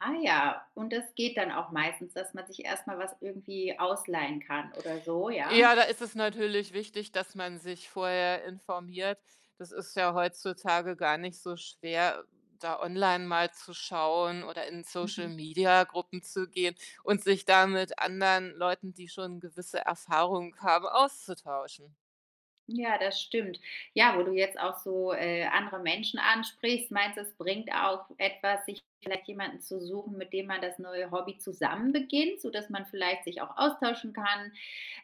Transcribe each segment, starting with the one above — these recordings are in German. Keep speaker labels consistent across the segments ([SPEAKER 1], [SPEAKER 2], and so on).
[SPEAKER 1] Ah ja, und das geht dann auch meistens, dass man sich erst mal was irgendwie ausleihen kann oder so, ja?
[SPEAKER 2] Ja, da ist es natürlich wichtig, dass man sich vorher informiert. Das ist ja heutzutage gar nicht so schwer, da online mal zu schauen oder in
[SPEAKER 1] Mhm.
[SPEAKER 2] Social-Media-Gruppen zu gehen und sich da mit anderen Leuten, die schon gewisse Erfahrungen haben, auszutauschen.
[SPEAKER 1] Ja, das stimmt. Ja, wo du jetzt auch so, äh, andere Menschen ansprichst. Meinst du, es bringt auch etwas, sich vielleicht jemanden zu suchen, mit dem man das neue Hobby zusammen beginnt, sodass man vielleicht sich auch austauschen kann,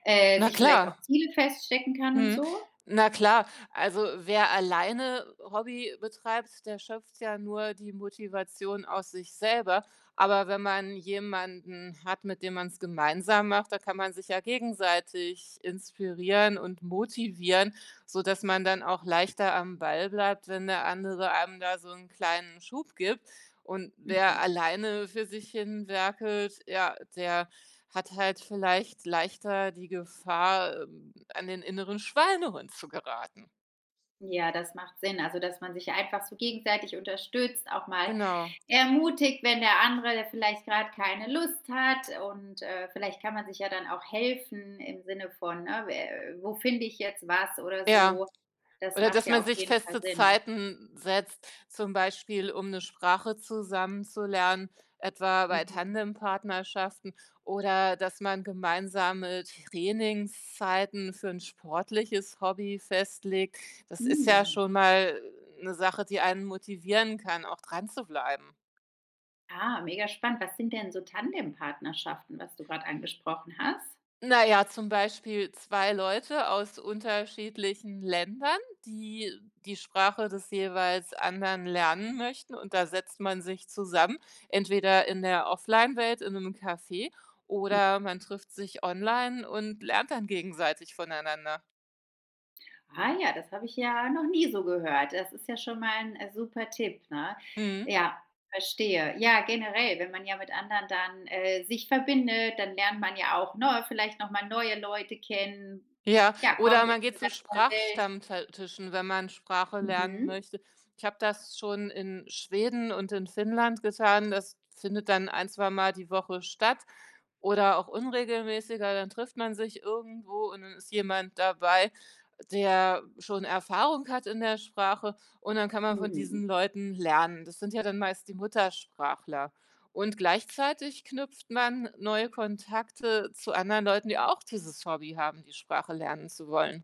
[SPEAKER 1] äh,
[SPEAKER 2] Na
[SPEAKER 1] sich vielleicht auch
[SPEAKER 2] klar.
[SPEAKER 1] Ziele feststecken kann und
[SPEAKER 2] Mhm.
[SPEAKER 1] so?
[SPEAKER 2] Na klar. Also, wer alleine Hobby betreibt, der schöpft ja nur die Motivation aus sich selber. Aber wenn man jemanden hat, mit dem man's gemeinsam macht, da kann man sich ja gegenseitig inspirieren und motivieren, sodass man dann auch leichter am Ball bleibt, wenn der andere einem da so 'n kleinen Schub gibt. Und
[SPEAKER 1] Mhm.
[SPEAKER 2] wer alleine für sich hin werkelt, ja, der hat halt vielleicht leichter die Gefahr, ähm, an den inneren Schweinehund zu geraten.
[SPEAKER 1] Ja, das macht Sinn, also, dass man sich einfach so gegenseitig unterstützt, auch mal
[SPEAKER 2] Genau.
[SPEAKER 1] ermutigt, wenn der andere vielleicht grade keine Lust hat und, äh, vielleicht kann man sich ja dann auch helfen im Sinne von, äh, wä wo finde ich jetzt was oder
[SPEAKER 2] Ja,
[SPEAKER 1] so. Das
[SPEAKER 2] oder
[SPEAKER 1] macht
[SPEAKER 2] dass
[SPEAKER 1] ja
[SPEAKER 2] man
[SPEAKER 1] auf
[SPEAKER 2] sich
[SPEAKER 1] jeden Fall
[SPEAKER 2] feste
[SPEAKER 1] Sinn.
[SPEAKER 2] Zeiten setzt, zum Beispiel um 'ne Sprache zusammen zu lernen, etwa bei
[SPEAKER 1] Mhm.
[SPEAKER 2] Tandempartnerschaften oder dass man gemeinsame Trainingszeiten für 'n sportliches Hobby festlegt. Das ist ja
[SPEAKER 1] Hm.
[SPEAKER 2] schon mal 'ne Sache, die einen motivieren kann, auch dranzubleiben.
[SPEAKER 1] Ah, mega spannend, was sind denn so Tandempartnerschaften, was du grade angesprochen hast?
[SPEAKER 2] Naja, zum Beispiel 2 Leute aus unterschiedlichen Ländern, die die Sprache des jeweils anderen lernen möchten und da setzt man sich zusammen, entweder in der Offline-Welt in 'nem Café
[SPEAKER 1] Hm.
[SPEAKER 2] oder man trifft sich online und lernt dann gegenseitig voneinander.
[SPEAKER 1] Ah ja, das habe ich ja noch nie so gehört, das ist ja schon mal 'n super Tipp, ne?
[SPEAKER 2] Mhm.
[SPEAKER 1] Ja, verstehe. Ja, generell, wenn man ja mit anderen dann, äh, sich verbindet, dann lernt man ja auch, ne, vielleicht noch mal neue Leute kennen,
[SPEAKER 2] Ja,
[SPEAKER 1] ja,
[SPEAKER 2] oder
[SPEAKER 1] kommt in
[SPEAKER 2] man
[SPEAKER 1] 'ne
[SPEAKER 2] geht zu
[SPEAKER 1] ganz neue Welt.
[SPEAKER 2] Sprachstammte Tischen, wenn man Sprache lernen
[SPEAKER 1] Mhm.
[SPEAKER 2] möchte. Ich habe das schon in Schweden und in Finnland getan, das findet dann 1, zweimal die Woche statt oder auch unregelmäßiger. Dann trifft man sich irgendwo und dann ist jemand dabei, der schon Erfahrung hat in der Sprache und dann kann man von
[SPEAKER 1] Mhm.
[SPEAKER 2] diesen Leuten lernen. Das sind ja dann meist die Muttersprachler. Und gleichzeitig knüpft man neue Kontakte zu anderen Leuten, die auch dieses Hobby haben, die Sprache lernen zu wollen.